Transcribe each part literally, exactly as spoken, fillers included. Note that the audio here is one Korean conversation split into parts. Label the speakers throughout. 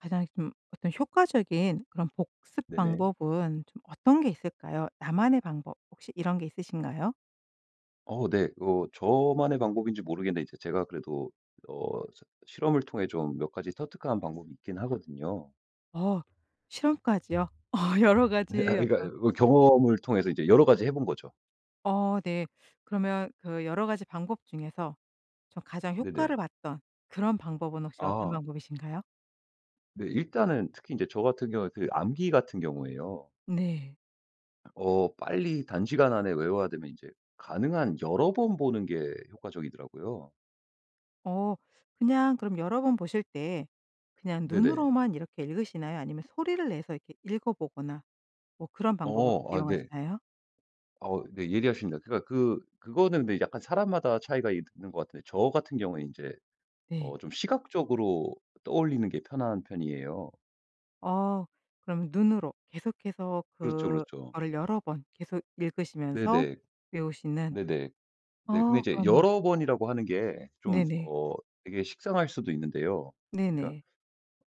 Speaker 1: 가장 좀 어떤 효과적인 그런 복습
Speaker 2: 네네.
Speaker 1: 방법은 좀 어떤 게 있을까요? 나만의 방법 혹시 이런 게 있으신가요?
Speaker 2: 어 네. 그 저만의 방법인지 모르겠는데 이제 제가 그래도 어 실험을 통해 좀 몇 가지 터득한 방법이 있긴 하거든요.
Speaker 1: 어 실험까지요? 어 여러 가지
Speaker 2: 아니
Speaker 1: 어떤
Speaker 2: 그러니까 그 경험을 통해서 이제 여러 가지 해 본 거죠.
Speaker 1: 어 네. 그러면 그 여러 가지 방법 중에서 좀 가장 효과를
Speaker 2: 네네.
Speaker 1: 봤던 그런 방법은 혹시 어떤
Speaker 2: 아.
Speaker 1: 방법이신가요?
Speaker 2: 네. 일단은 특히 이제 저 같은 경우는 그 암기 같은 경우에요.
Speaker 1: 네.
Speaker 2: 어 빨리 단시간 안에 외워야 되면 이제 가능한 여러 번 보는 게 효과적이더라고요.
Speaker 1: 어 그냥 그럼 여러 번 보실 때 그냥
Speaker 2: 네네.
Speaker 1: 눈으로만 이렇게 읽으시나요? 아니면 소리를 내서 이렇게 읽어 보거나 뭐 그런 방법으로
Speaker 2: 어 아 네.
Speaker 1: 이용하시나요?
Speaker 2: 어 네. 예리하십니다. 그니까 그 그거는 근데 약간 사람마다 차이가 있는 것 같은데 저 같은 경우에는 인제
Speaker 1: 네.
Speaker 2: 어 좀 시각적으로 떠올리는 게 편한 편이에요.
Speaker 1: 어 그러면 눈으로 계속해서
Speaker 2: 그렇죠, 그렇죠.
Speaker 1: 그거를 여러 번 계속 읽으시면서
Speaker 2: 네네,
Speaker 1: 외우시는
Speaker 2: 네네. 네. 근데
Speaker 1: 아
Speaker 2: 이제
Speaker 1: 그러면
Speaker 2: 여러 번이라고 하는 게 좀
Speaker 1: 네네.
Speaker 2: 어 이게 식상할 수도 있는데요. 그러니까
Speaker 1: 네네.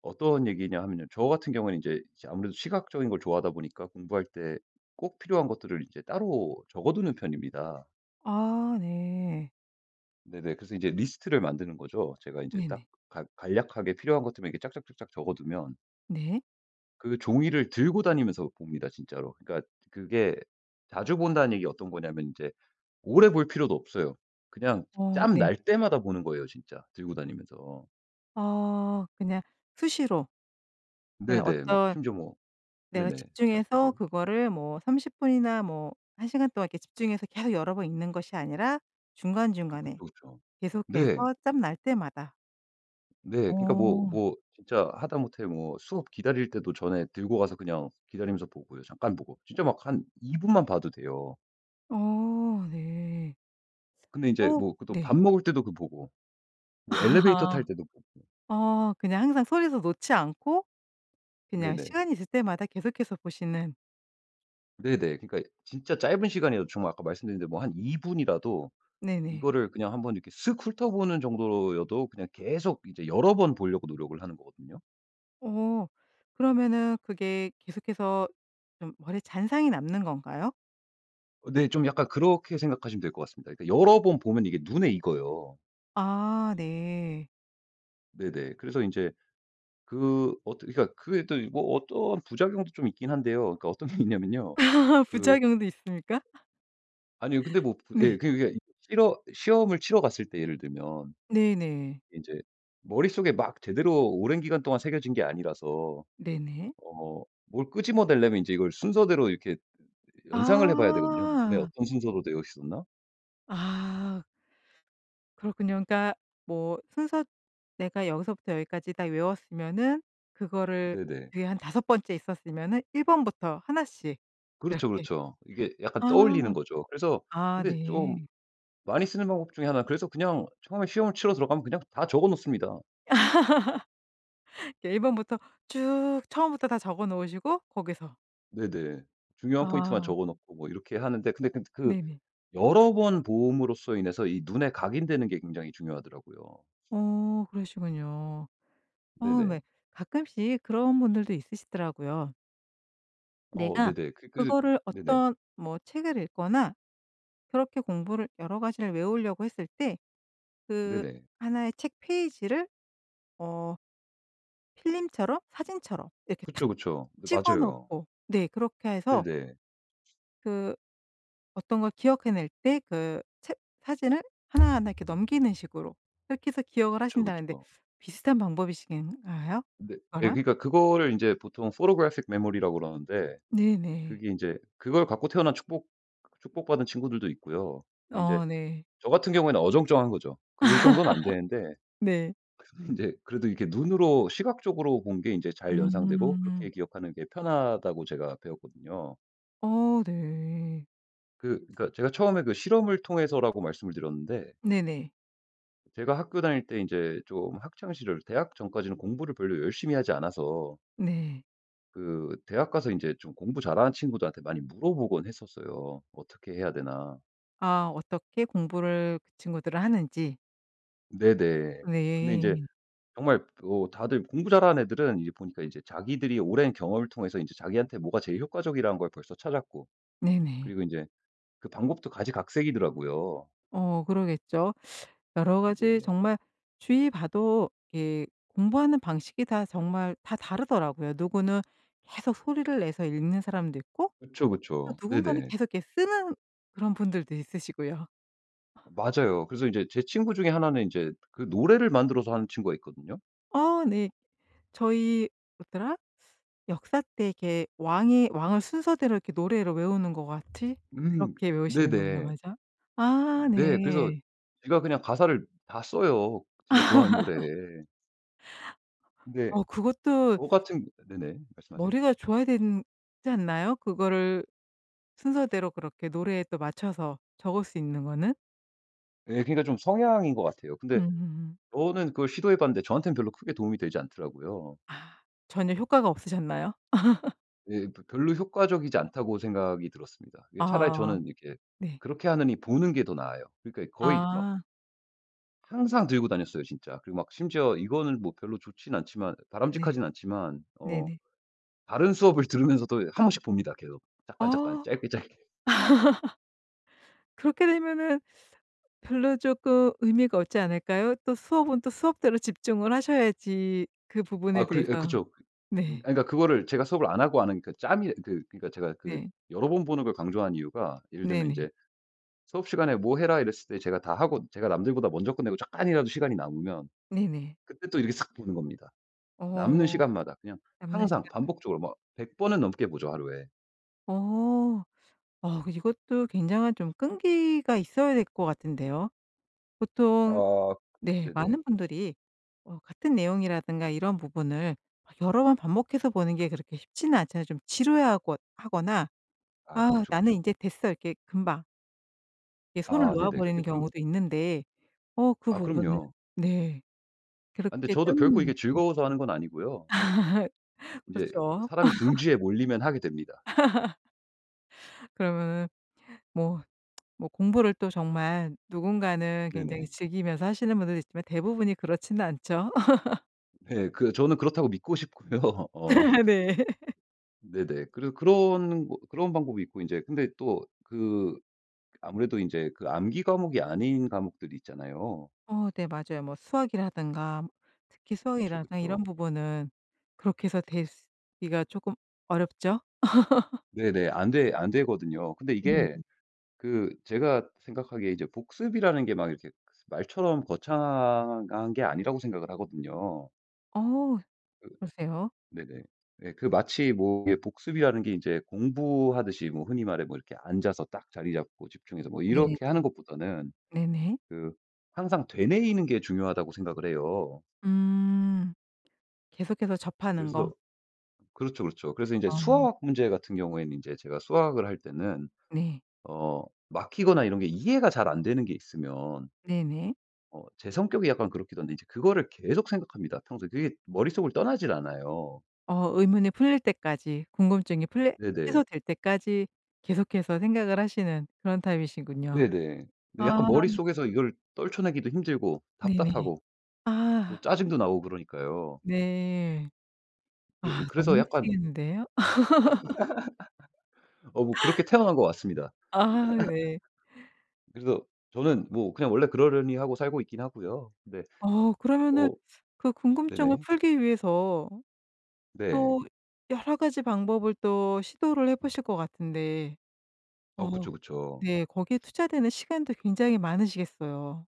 Speaker 2: 어떤 얘기냐 하면요. 저 같은 경우는 이제 아무래도 시각적인 걸 좋아하다 보니까 공부할 때 꼭 필요한 것들을 이제 따로 적어 두는 편입니다.
Speaker 1: 아 네.
Speaker 2: 네네. 그래서 인제 리스트를 만드는 거죠. 제가 인제 딱
Speaker 1: 네네.
Speaker 2: 간 간략하게 필요한 것들만 쫙쫙쫙쫙 적어두면
Speaker 1: 네.
Speaker 2: 그 종이를 들고 다니면서 봅니다 진짜로. 그러니까 그게 자주 본다는 얘기가 어떤 거냐면 이제 오래 볼 필요도 없어요. 그냥
Speaker 1: 어.
Speaker 2: 짬
Speaker 1: 네.
Speaker 2: 날 때마다 보는 거예요 진짜 들고 다니면서.
Speaker 1: 어 그냥 수시로. 네
Speaker 2: 네네 막
Speaker 1: 어떤
Speaker 2: 심지어 뭐
Speaker 1: 내가
Speaker 2: 네네.
Speaker 1: 집중해서
Speaker 2: 말씀하세요.
Speaker 1: 그거를 뭐 삼십 분이나 뭐 한 시간 동안 집중해서 계속 여러 번 읽는 것이 아니라 중간중간에
Speaker 2: 그쵸, 그쵸
Speaker 1: 계속해서
Speaker 2: 네.
Speaker 1: 짬 날 때마다.
Speaker 2: 네 그러니까 뭐
Speaker 1: 어.
Speaker 2: 뭐 진짜 하다못해 뭐 수업 기다릴 때도 전에 들고 가서 그냥 기다리면서 보고요 잠깐 보고 진짜 막 한 이 분만 봐도 돼요.
Speaker 1: 어 네.
Speaker 2: 근데 인제
Speaker 1: 어
Speaker 2: 뭐 그 또 밥
Speaker 1: 네.
Speaker 2: 먹을 때도 그 보고 뭐 엘리베이터
Speaker 1: 아
Speaker 2: 탈 때도 보고.
Speaker 1: 어 그냥 항상 손에서 놓지 않고 그냥
Speaker 2: 네네.
Speaker 1: 시간이 있을 때마다 계속해서 보시는.
Speaker 2: 네네 그러니까 진짜 짧은 시간이에요. 정말 아까 말씀드렸는데 뭐 한 이 분이라도
Speaker 1: 네네.
Speaker 2: 이거를 그냥 한번 이렇게 쓱 훑어보는 정도로 여도 그냥 계속 이제 여러 번 보려고 노력을 하는 거거든요.
Speaker 1: 어 그러면은 그게 계속해서 좀 머리에 잔상이 남는 건가요?
Speaker 2: 어 네 좀 약간 그렇게 생각하시면 될 것 같습니다. 그러니까 여러 번 보면 이게 눈에 익어요.
Speaker 1: 아 네.
Speaker 2: 네네. 그래서 인제 그 어떻게 그러니까 그게 또 뭐 어떠한 부작용도 좀 있긴 한데요. 그러니까 어떤 게 있냐면요 그
Speaker 1: 부작용도 있습니까?
Speaker 2: 아니요 근데 뭐 부
Speaker 1: 네.
Speaker 2: 예 그냥 그게 이 실허 시험을 치러 갔을 때 예를 들면
Speaker 1: 네네.
Speaker 2: 인제 머릿속에 막 제대로 오랜 기간 동안 새겨진 게 아니라서
Speaker 1: 네네.
Speaker 2: 어 뭘 끄집어내려면 이제 이걸 순서대로 이렇게 연상을 해 봐야 되거든요 눈에
Speaker 1: 아.
Speaker 2: 어떤 순서로 되어 있었나.
Speaker 1: 아. 그렇군요. 그러니까 뭐 순서 내가 여기서부터 여기까지 다 외웠으면은 그거를
Speaker 2: 네네.
Speaker 1: 뒤에 한 다섯 번째 있었으면은 일 번부터 하나 씩
Speaker 2: 그렇죠,
Speaker 1: 이렇게
Speaker 2: 그렇죠. 이게 약간
Speaker 1: 아.
Speaker 2: 떠올리는 거죠. 그래서
Speaker 1: 아
Speaker 2: 근데 좀
Speaker 1: 네.
Speaker 2: 많이 쓰는 방법 중의 하나 그래서 그냥 처음에 시험을 치러 들어가면 그냥 다 적어 놓습니다.
Speaker 1: 그 일 번부터 쭉 처음부터 다 적어 놓으시고 거기서.
Speaker 2: 네네. 중요한 포인트만
Speaker 1: 아.
Speaker 2: 적어 놓고 뭐 이렇게 하는데 근데 근데 그
Speaker 1: 네네.
Speaker 2: 여러 번 봄으로써 인해서 이 눈에 각인되는 게 굉장히 중요하더라고요.
Speaker 1: 어 그러시군요. 어 왜
Speaker 2: 네네.
Speaker 1: 가끔씩 그런 분들도 있으시더라고요.
Speaker 2: 어
Speaker 1: 내가
Speaker 2: 네네. 그 그래서 저
Speaker 1: 그거를
Speaker 2: 네네.
Speaker 1: 어떤 뭐 책을 읽거나 그렇게 공부를 여러 가지를 외우려고 했을 때 그
Speaker 2: 네네.
Speaker 1: 하나 의 책 페이지를 어 필름처럼 사진처럼 이렇게 탁
Speaker 2: 그쵸, 그쵸. 네.
Speaker 1: 찍어
Speaker 2: 맞아요.
Speaker 1: 놓고 네 그렇게 해서
Speaker 2: 네네.
Speaker 1: 그 어떤 걸 기억해 낼 때 그 책 사진을 하나하나 이렇게 넘기는 식으로 그렇게 해서 기억을
Speaker 2: 그쵸,
Speaker 1: 하신다는데
Speaker 2: 그쵸.
Speaker 1: 비슷한 방법이신가요?
Speaker 2: 근데 네.
Speaker 1: 그거랑?
Speaker 2: 그러니까 그거를 인제 보통 photographic 메모리라고 그러는데
Speaker 1: 네네.
Speaker 2: 그게 인제 그걸 갖고 태어난 축복 그 축복받은 친구들도 있고요. 근데 인제
Speaker 1: 어 네.
Speaker 2: 저 같은 경우에는 어정쩡한 거죠. 그 정도는 안 되는데
Speaker 1: 네.
Speaker 2: 그래도 인제 그래도 이렇게 눈으로 시각적으로 본 게 인제 잘 연상되고
Speaker 1: 음.
Speaker 2: 그렇게 기억하는 게 편하다고 제가 배웠거든요.
Speaker 1: 어. 네.
Speaker 2: 그 그러니까 제가 처음에 그 실험을 통해서라고 말씀을 드렸는데
Speaker 1: 네네.
Speaker 2: 제가 학교 다닐 때 인제 좀 학창 시절 대학 전까지는 공부를 별로 열심히 하지 않아서
Speaker 1: 네.
Speaker 2: 그 대학가서 인제 좀 공부 잘하는 친구들한테 많이 물어보곤 했었어요. 어떻게 해야 되나.
Speaker 1: 아 어떻게 공부를 그 친구들은 하는지.
Speaker 2: 네네. 근데 인제
Speaker 1: 네.
Speaker 2: 정말 어 다들 공부 잘하는 애들은 이제 보니까 인제 자기들이 오랜 경험을 통해서 인제 자기한테 뭐가 제일 효과적이라는 걸 벌써 찾았고
Speaker 1: 네네.
Speaker 2: 그리고 인제 그 방법도 가지각색이더라고요.
Speaker 1: 어. 그러겠죠. 여러 가지
Speaker 2: 네네.
Speaker 1: 정말 주위 봐도 이렇게 공부하는 방식이 다 정말 다 다르더라고요. 누구는 계속 소리를 내서 읽는 사람도 있고
Speaker 2: 그쵸,
Speaker 1: 또
Speaker 2: 그쵸.
Speaker 1: 누군가는
Speaker 2: 네네.
Speaker 1: 계속 이렇게 쓰는 그런 분들도 있으시고요.
Speaker 2: 맞아요. 그래서 인제 제 친구 중에 하나는 인제 그 노래를 만들어서 하는 친구가 있거든요.
Speaker 1: 어 네. 저희 뭐더라? 역사 때 이렇게 왕의 왕을 순서대로 이렇게 노래로 외우는 것 같이
Speaker 2: 음
Speaker 1: 그렇게 외우시는 건가
Speaker 2: 네네.
Speaker 1: 보죠? 아.
Speaker 2: 네. 그래서
Speaker 1: 네.
Speaker 2: 지가 그냥 가사를 다 써요. 지가 좋아하는 노래에. 근데
Speaker 1: 어 그것도
Speaker 2: 저 같은 네네. 말씀하세요.
Speaker 1: 머리가 좋아야 되는 지 않나요? 그거를 순서대로 그렇게 노래에 또 맞춰서 적을 수 있는 거는?
Speaker 2: 예. 그러니까 좀 성향인 것 같아요. 근데
Speaker 1: 음.
Speaker 2: 저는 그걸 시도해 봤는데 저한테는 별로 크게 도움이 되지 않더라고요.
Speaker 1: 아 전혀 효과가 없으셨나요?
Speaker 2: 예. '벼 별로 효과적이지 않다.'고 생각이 들었습니다. 이게 차라리
Speaker 1: 아.
Speaker 2: 저는 이렇게
Speaker 1: 네.
Speaker 2: 그렇게 하느니 보는 게 더 나아요. 그러니까 거의 막
Speaker 1: 아.
Speaker 2: 항상 들고 다녔어요 진짜. 그리고 막 심지어 이거는 뭐 별로 좋진 않지만
Speaker 1: 네.
Speaker 2: 바람직하진 않지만 어
Speaker 1: 네네.
Speaker 2: 다른 수업을 들으면서도 한 번씩 봅니다. 계속 잠깐잠깐
Speaker 1: 아.
Speaker 2: 짧게, 짧게.
Speaker 1: 그렇게 되면은 별로 쪼끔 의미가 없지 않을까요? 또 수업은 또 수업대로 집중을 하셔야지 그 부분에
Speaker 2: 아 그리 아
Speaker 1: 대해서
Speaker 2: 그쵸. 그 아니
Speaker 1: 네.
Speaker 2: 그니까 그거를 제가 수업을 안 하고 아는 그 짬이 그 그니까 제가 그
Speaker 1: 네.
Speaker 2: 여러 번 보는 걸 강조한 이유가 예를 들면
Speaker 1: 네네.
Speaker 2: 인제 수업 시간에 "뭐 해라." 이랬을 때 제가 다 하고 제가 남들보다 먼저 끝내고 잠깐이라도 시간이 남으면
Speaker 1: 네네.
Speaker 2: 그때 또 이렇게 싹 보는 겁니다. 남는
Speaker 1: 어.
Speaker 2: 시간마다 그냥
Speaker 1: 남는
Speaker 2: 항상
Speaker 1: 시간을.
Speaker 2: 반복적으로 뭐 백 번은 넘게 보죠 하루에.
Speaker 1: 어. 어 이것도 굉장한 좀 끈기가 있어야 될 것 같은데요. 보통
Speaker 2: 아
Speaker 1: 네
Speaker 2: 네네.
Speaker 1: 많은 분들이 어 같은 내용이라든가 이런 부분을 아 여러 번 반복해서 보는 게 그렇게 쉽지는 않잖아요. 좀 지루해 하거 하거나
Speaker 2: 아
Speaker 1: '아
Speaker 2: 그쵸,
Speaker 1: 나는
Speaker 2: 그쵸.
Speaker 1: 인제 됐어.' 이렇게 금방 이게 손을
Speaker 2: 아
Speaker 1: 놓아
Speaker 2: 네네.
Speaker 1: 버리는
Speaker 2: 근데 그
Speaker 1: 경우도 있는데 어 그
Speaker 2: 아
Speaker 1: 부분은
Speaker 2: 그럼요.
Speaker 1: 네.
Speaker 2: 아 근데
Speaker 1: 그렇게 딱
Speaker 2: 저도 결코 이게
Speaker 1: 놓고
Speaker 2: 즐거워서 하는 건 아니고요. 인제
Speaker 1: 그렇죠.
Speaker 2: 사람이 궁지에 몰리면 하게 됩니다.
Speaker 1: 그러면은 뭐 뭐 공부를 또 정말 누군가는 굉장히
Speaker 2: 네네.
Speaker 1: 즐기면서 하시는 분들도 있지만 대부분이 그렇진 않죠.
Speaker 2: 네. 그 저는 그렇다고 믿고 싶고요. 어.
Speaker 1: 네.
Speaker 2: 네네. 그리고 그런 뭐 그런 방법이 있고 인제 근데 또 그 아무래도 인제 그 암기 과목이 아닌 과목들이 있잖아요.
Speaker 1: 어 네 맞아요. 뭐 수학이라든가 특히
Speaker 2: 그쵸,
Speaker 1: 수학이라 아 이런
Speaker 2: 그쵸.
Speaker 1: 부분은 그렇게 해서 되스 기가 조금 어렵죠?
Speaker 2: 네네. 안 되 안 되거든요. 근데
Speaker 1: 네네.
Speaker 2: 이게 그 제가 생각하기에 이제 복습이라는 게 막 이렇게 그 말처럼 거창한 게 아니라고 생각을 하거든요.
Speaker 1: 어우
Speaker 2: 그
Speaker 1: 그러세요?
Speaker 2: 네네. 네 그 마치 뭐 이게 복습이라는 게 이제 공부하듯이 뭐 흔히 말해 뭐 이렇게 앉아서 딱 자리 잡고 집중해서 뭐
Speaker 1: 네.
Speaker 2: 이렇게 하는 것보다는
Speaker 1: 네네.
Speaker 2: 그 항상 '되뇌이는 게 중요하다.'고 생각을 해요.
Speaker 1: 음. 계속해서 접하는 거?
Speaker 2: 그래서 그렇죠, 그렇죠. 그래서 인제
Speaker 1: 아.
Speaker 2: 수학 문제 같은 경우에는 인제 제가 수학을 할 때는
Speaker 1: 네.
Speaker 2: 어 막히거나 이런 게 이해가 잘 안 되는 게 있으면
Speaker 1: 네네.
Speaker 2: 어 제 성격이 약간 그렇기도 한데 인제 그거를 계속 생각합니다. 평소에 그게 머릿속을 떠나질 않아요.
Speaker 1: 어 의문이 풀릴 때까지 궁금증이 풀릴
Speaker 2: 네네.
Speaker 1: 해소될 때까지 계속해서 생각을 하시는 그런 타입이시군요.
Speaker 2: 네네. 네
Speaker 1: 아.
Speaker 2: 약간 머릿속에서 이걸 떨쳐내기도 힘들고
Speaker 1: 네네.
Speaker 2: 답답하고 또
Speaker 1: 아.
Speaker 2: 짜증도 나고 그러니까요.
Speaker 1: 네.
Speaker 2: 그
Speaker 1: 아 너무
Speaker 2: 그래서 약간
Speaker 1: 힘드시겠는데요?
Speaker 2: 어 뭐 그렇게 태어난 것 같습니다.
Speaker 1: 아 네.
Speaker 2: 그래서 저는 뭐 그냥 원래 그러려니 하고 살고 있긴 하고요. 네.
Speaker 1: 어 그러면은
Speaker 2: 어
Speaker 1: 그 궁금증을
Speaker 2: 네네.
Speaker 1: 풀기 위해서
Speaker 2: 네.
Speaker 1: 또 여러 가지 방법을 또 시도를 해 보실 것 같은데
Speaker 2: 어
Speaker 1: 어
Speaker 2: 그쵸, 그쵸.
Speaker 1: 네 거기에 투자되는 시간도 굉장히 많으시겠어요.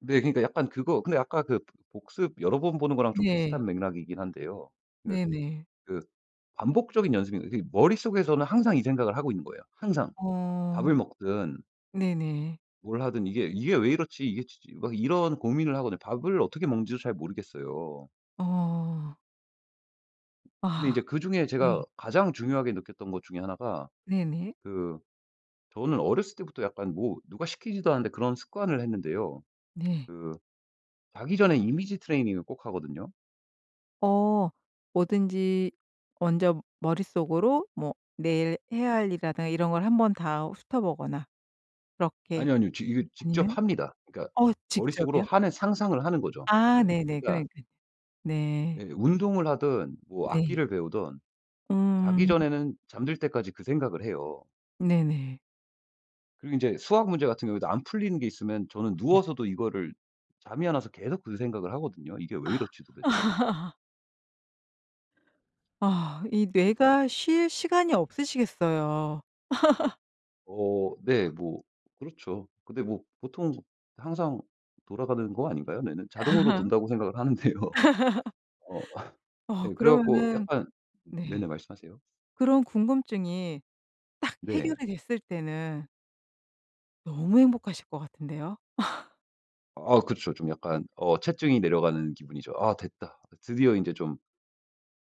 Speaker 2: 네 그러니까 약간 그거 근데 아까 그 복습 여러 번 보는 거랑 좀
Speaker 1: 네.
Speaker 2: 비슷한 맥락이긴 한데요. 그
Speaker 1: 네네.
Speaker 2: 그 반복적인 연습이 그러니까 머릿속에서는 항상 이 생각을 하고 있는 거예요 항상.
Speaker 1: 어.
Speaker 2: 밥을 먹든
Speaker 1: 네네.
Speaker 2: 뭘 하든 '이게 이게 왜 이렇지 이게 치 치.' 막 이런 고민을 하거든요. 밥을 어떻게 먹는지도 잘 모르겠어요.
Speaker 1: 어.
Speaker 2: 근데
Speaker 1: 아.
Speaker 2: 이제 그중에 제가
Speaker 1: 네.
Speaker 2: 가장 중요하게 느꼈던 것 중에 하나 가
Speaker 1: 네네.
Speaker 2: 그 저는 어렸을 때부터 약간 뭐 누가 시키지도 않는데 그런 습관을 했는데요.
Speaker 1: 네.
Speaker 2: 그 자기 전에 이미지 트레이닝을 꼭 하거든요.
Speaker 1: 어. 뭐든지 먼저 머릿속으로 뭐 내일 뭐 해야 할 일이라든가 이런 걸 한번 다 훑어 보거나 그렇게
Speaker 2: 아니요, 아니요. 저 이거
Speaker 1: 아니면
Speaker 2: 직접 합니다. 그러니까
Speaker 1: 어
Speaker 2: 머릿속으로
Speaker 1: 직접이요?
Speaker 2: 하는 상상을 하는 거죠.
Speaker 1: 아
Speaker 2: 네.
Speaker 1: 네네
Speaker 2: 그러니까
Speaker 1: 그러니까 네.
Speaker 2: 네 운동을 하든 뭐
Speaker 1: 네.
Speaker 2: 악기를 배우든 자기
Speaker 1: 음.
Speaker 2: 전에는 잠들 때까지 그 생각을 해요.
Speaker 1: 네네.
Speaker 2: 그리고 이제 수학 문제 같은 경우에도 안 풀리는 게 있으면 저는
Speaker 1: 네.
Speaker 2: 누워서도 이거를 잠이 안 와서 계속 그 생각을 하거든요. '이게 왜 이렇지 도대체?'
Speaker 1: 아 이
Speaker 2: 이크.
Speaker 1: 뇌가 쉴 시간이 없으시겠어요.
Speaker 2: 어 네. 뭐 그렇죠. 근데 뭐 보통 항상 돌아가는 거 아닌가요 뇌는? 자동으로 돈다고 생각을 하는데요. 어
Speaker 1: 어
Speaker 2: 예 그래 갖고
Speaker 1: 그러면은
Speaker 2: 약간
Speaker 1: 네.
Speaker 2: 네네 말씀하세요.
Speaker 1: 그런 궁금증이 딱
Speaker 2: 네.
Speaker 1: 해결이 됐을 때는 너무 행복하실 것 같은데요?
Speaker 2: 아 그쵸. 좀 약간 어 체증이 내려가는 기분이죠. '아 됐다.' 드디어 인제 좀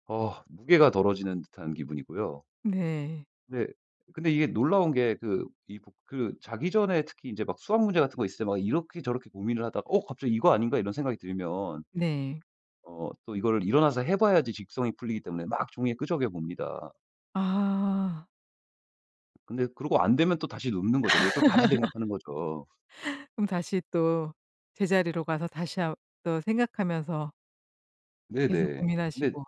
Speaker 2: 어 무게가 덜어지는 듯한 기분이고요.
Speaker 1: 네.
Speaker 2: 네. 근데 이게 놀라운 게 그 이북 그 자기 전에 특히 인제 막 수학 문제 같은 거 있을 때 막 이렇게 저렇게 고민을 하다가 '어 갑자기 이거 아닌가?' 이런 생각이 들면
Speaker 1: 네.
Speaker 2: 어 또 이거를 일어나서 해 봐야지 직성이 풀리기 때문에 막 종이에 끄적여 봅니다.
Speaker 1: 아.
Speaker 2: 근데 그러고 안 되면 또 다시 눕는 거죠. 그리고 또 다시 생각하는 거죠.
Speaker 1: 그럼 다시 또 제자리로 가서 다시 한 또 생각하면서 계속
Speaker 2: 네네. 근데
Speaker 1: 고민하시고.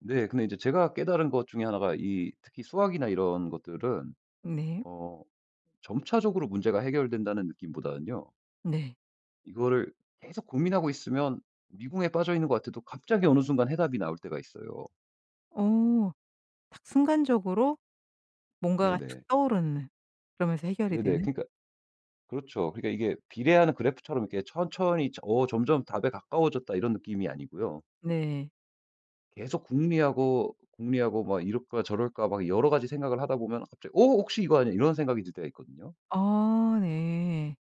Speaker 2: 네. 근데 이제 제가 깨달은 것 중의 하나가 이 특히 수학이나 이런 것들은
Speaker 1: 네.
Speaker 2: 어 점차적으로 문제가 해결된다는 느낌보다는요
Speaker 1: 네.
Speaker 2: 이거를 계속 고민하고 있으면 미궁에 빠져있는 것 같아도 갑자기 어느 순간 해답이 나올 때가 있어요.
Speaker 1: 어 딱 순간적으로 뭔가가 탁
Speaker 2: 네네.
Speaker 1: 떠오르는 그러면서 해결이
Speaker 2: 네네
Speaker 1: 되는.
Speaker 2: 그러니까 그렇죠 그러니까 이게 비례하는 그래프처럼 이렇게 천천히 '어 점점 답에 가까워졌다.' 이런 느낌이 아니고요.
Speaker 1: 네.
Speaker 2: 계속 궁리하고 궁리하고 막 이럴까 저럴까 막 여러 가지 생각을 하다 보면 갑자기 '어 혹시 이거 아냐?' 이런 생각이 들 때가 있거든요.
Speaker 1: 아 네.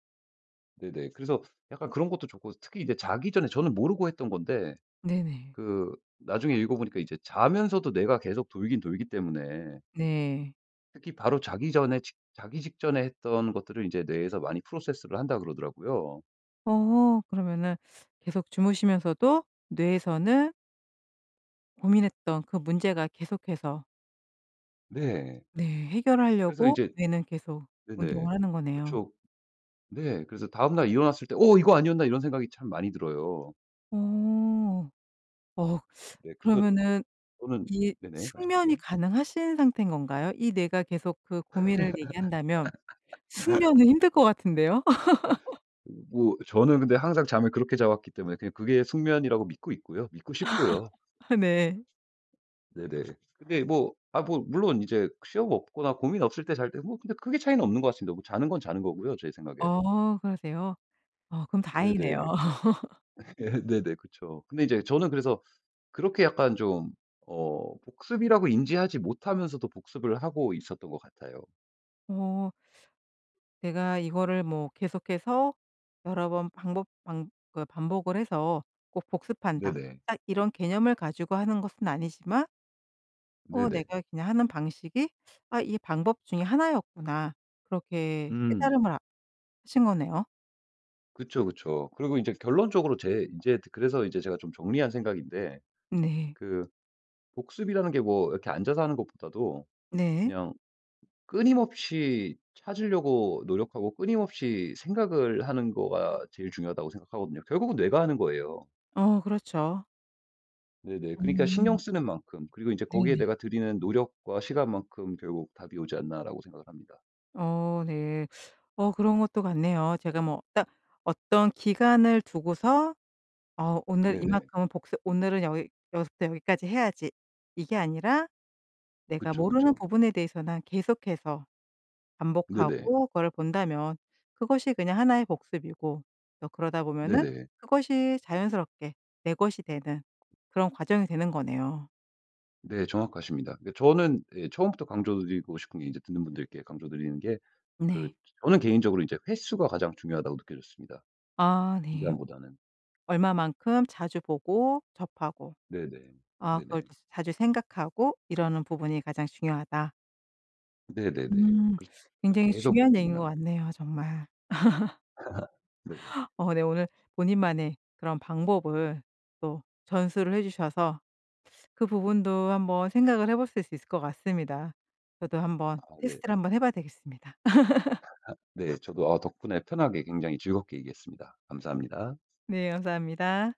Speaker 2: 네네. 그래서 약간 그런 것도 좋고 특히 이제 자기 전에 저는 모르고 했던 건데
Speaker 1: 네네.
Speaker 2: 그 나중에 읽어보니까 이제 자면서도 뇌가 계속 돌긴 돌기 때문에
Speaker 1: 네.
Speaker 2: 특히 바로 자기 전에 직 자기 직전에 했던 것들을 이제 뇌에서 많이 process를 한다 그러더라고요.
Speaker 1: 어 그러면은 계속 주무시면서도 뇌에서는 고민했던 그 문제가 계속해서
Speaker 2: 네.
Speaker 1: 네
Speaker 2: 그래서
Speaker 1: 해결하려고
Speaker 2: 이제
Speaker 1: 뇌는 계속
Speaker 2: 네네
Speaker 1: 운동을 하는 거네요.
Speaker 2: 그쵸. 네 그래서 다음날 일어났을 때 '어 이거 아니었나?' 이런 생각이 참 많이 들어요.
Speaker 1: 어 어
Speaker 2: 네. 그래서
Speaker 1: 그러면은
Speaker 2: 또는
Speaker 1: 이
Speaker 2: 네네
Speaker 1: 숙면이
Speaker 2: 말씀하세요.
Speaker 1: 가능하신 상태인 건가요? 이 내가 계속 그 고민을 얘기한다면 숙면은 힘들 것 같은데요.
Speaker 2: 으 뭐 저는 근데 항상 잠을 그렇게 자 왔기 때문에 그냥 그게 숙면이라고 믿고 있고요. 믿고 싶고요.
Speaker 1: 네.
Speaker 2: 네네. 근데 뭐 아 뭐 물론 이제 시험 없거나 고민 없을 때 잘 때 뭐 근데 크게 차이는 없는 것 같습니다. 뭐 자는 건 자는 거고요 제 생각에.
Speaker 1: 어 그러세요? 아 그럼 다행이네요.
Speaker 2: 네네. 예. 네네. 그쵸. 근데 이제 저는 그래서 그렇게 약간 좀 어 복습이라고 인지하지 못하면서도 복습을 하고 있었던 것 같아요.
Speaker 1: 어. '내가 이거를 뭐 계속해서 여러 번 반복 반 그 반복을 해서 꼭 복습한다.'
Speaker 2: 네네.
Speaker 1: 딱 이런 개념을 가지고 하는 것은 아니지만 어
Speaker 2: 네네.
Speaker 1: 내가 그냥 하는 방식이 '아 이 방법 중에 하나였구나.' 그렇게
Speaker 2: 음.
Speaker 1: 깨달음을 하신 거네요.
Speaker 2: 그쵸, 그쵸. 그리고 이제 결론적으로 제 인제 그래서 이제 제가 좀 정리한 생각인데
Speaker 1: 네.
Speaker 2: 그 복습이라는 게 뭐 이렇게 앉아서 하는 것보다도
Speaker 1: 네.
Speaker 2: 그냥 끊임없이 찾으려고 노력하고 끊임없이 생각을 하는 거가 제일 중요하다고 생각하거든요. 결국은 내가 하는 거예요.
Speaker 1: 어 그렇죠.
Speaker 2: 네네. 그러니까
Speaker 1: 음.
Speaker 2: '신경쓰는 만큼 그리고 인제 거기에
Speaker 1: 네네.
Speaker 2: 내가 들이는 노력과 시간만큼 결국 답이 오지 않나.'라고 생각을 합니다.
Speaker 1: 어 네. 어 그런 것도 같네요. 제가 뭐 딱 어떤 기간을 두고서 '어 오늘
Speaker 2: 네네.
Speaker 1: 이만큼은 복습 오늘은 여기 여기서부터 여기까지 해야지.' 이게 아니라 내가
Speaker 2: 그쵸,
Speaker 1: 모르는
Speaker 2: 그쵸.
Speaker 1: 부분에 대해서는 계속해서
Speaker 2: 네네.
Speaker 1: 반복하고 그거를 본다면 그것이 그냥 하나 의 복습이고 또 그러다 보면은
Speaker 2: 네네.
Speaker 1: 그것이 자연스럽게 내 것이 되는 그런 과정이 되는 거네요.
Speaker 2: 네 정확하십니다. 그니까 저는 예 처음부터 강조 드리고 싶은 게 인제 듣는 분들께 강조 드리는 게 그
Speaker 1: 네.
Speaker 2: 저는 개인적으로 이제 횟수가 가장 중요하다고 느껴졌습니다
Speaker 1: 아 네.
Speaker 2: 기간보다는.
Speaker 1: 얼마만큼 자주 보고 접하고
Speaker 2: 네네.
Speaker 1: 아 그걸
Speaker 2: 네네.
Speaker 1: 또 자주 생각하고 이러는 부분이 가장 중요하다.
Speaker 2: 네네네.
Speaker 1: 음.
Speaker 2: 그렇죠. 그
Speaker 1: 굉장히
Speaker 2: 계속
Speaker 1: 중요한 얘기인 것
Speaker 2: 고민하고.
Speaker 1: 같네요 정말.
Speaker 2: 네네.
Speaker 1: 어 네 오늘 본인만의 그런 방법을 또 전수를 해 주셔서 그 부분도 한번 생각을 해 보실 수 있을 것 같습니다. 저도
Speaker 2: 아
Speaker 1: 한번
Speaker 2: 네.
Speaker 1: 테스트를 한번 해 봐야 되겠습니다.
Speaker 2: 네 저도 아 덕분에 편하게 굉장히 즐겁게 얘기했습니다. 감사합니다.
Speaker 1: 네 감사합니다.